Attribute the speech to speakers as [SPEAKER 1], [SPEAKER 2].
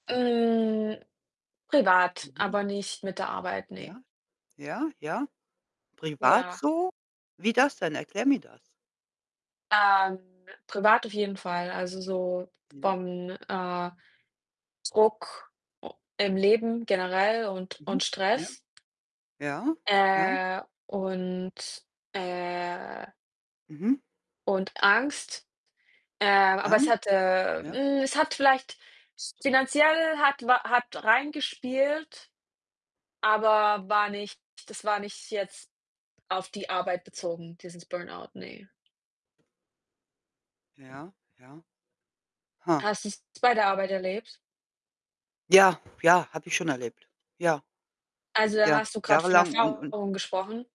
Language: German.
[SPEAKER 1] Hm, privat,
[SPEAKER 2] Mhm.
[SPEAKER 1] aber nicht mit der Arbeit, ne.
[SPEAKER 2] Ja, ja, ja. Privat
[SPEAKER 1] Ja.
[SPEAKER 2] so? Wie das denn? Erklär mir das.
[SPEAKER 1] Ähm, privat auf jeden Fall. Also, so
[SPEAKER 2] Ja.
[SPEAKER 1] vom, äh, Druck u im Leben generell und und
[SPEAKER 2] Mhm. Ja.
[SPEAKER 1] Stress
[SPEAKER 2] Ja, ja.
[SPEAKER 1] äh, und, äh
[SPEAKER 2] Mhm.
[SPEAKER 1] und Angst. Ähm, aber es
[SPEAKER 2] Ang
[SPEAKER 1] hat äh,
[SPEAKER 2] Ja.
[SPEAKER 1] hm, es hat vielleicht s finanziell hat wa hat reingespielt, aber war nicht das war nicht jetzt auf die Arbeit bezogen, dieses Burnout, ne.
[SPEAKER 2] Ja, ja. Ha.
[SPEAKER 1] Hast du's bei der Arbeit erlebt?
[SPEAKER 2] Ja, ja, habe ich schon erlebt. Ja.
[SPEAKER 1] Also, dann
[SPEAKER 2] Ja,
[SPEAKER 1] hast du grad von
[SPEAKER 2] jahrelang und und
[SPEAKER 1] Erfahrung gesprochen?